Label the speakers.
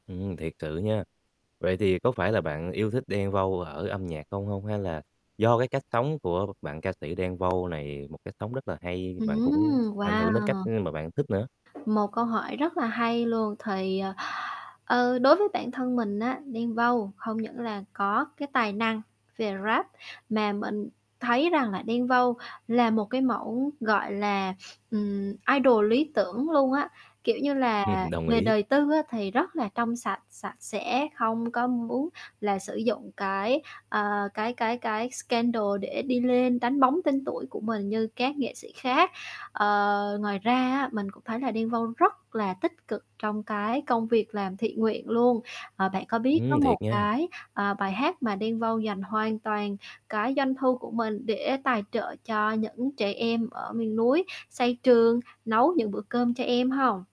Speaker 1: Ừm, thiệt sự nha. Vậy thì có phải là bạn yêu thích Đen Vâu ở âm nhạc không hông? Hay là do cái cách sống của bạn ca sĩ Đen Vâu này, một cách sống rất là hay, bạn cũng
Speaker 2: Ừm,
Speaker 1: ảnh hưởng đến cách
Speaker 2: wow.
Speaker 1: mà bạn thích nữa?
Speaker 2: Một câu hỏi rất là hay luôn, thì, ờ, ờ, đối với bản thân mình á, Đen Vâu không những là có cái tài năng về Rap, mà mình thấy rằng là Đen Vâu là một cái mẫu, gọi là, ừm, idol lý tưởng luôn á. Kiểu như là,
Speaker 1: Ừm, đồng
Speaker 2: về
Speaker 1: ý.
Speaker 2: đời tư á thì rất là trong sạch, sạch sẽ, không có muốn là sử dụng cái, ờ, cái cái cái scandal để đi lên, đánh bóng tên tuổi của mình như các nghệ sĩ khác. Ờ, ngoài ra á mình cũng thấy là Đen Vâu rất là tích cực trong cái công việc làm thiện nguyện luôn, ờ, bạn có biết có
Speaker 1: Ừm,
Speaker 2: một
Speaker 1: thiệt nha.
Speaker 2: cái, à, bài hát mà Đen Vâu dành hoàn toàn cái doanh thu của mình để tài trợ cho những trẻ em ở miền núi, xây trường, nấu những bữa cơm cho em hông?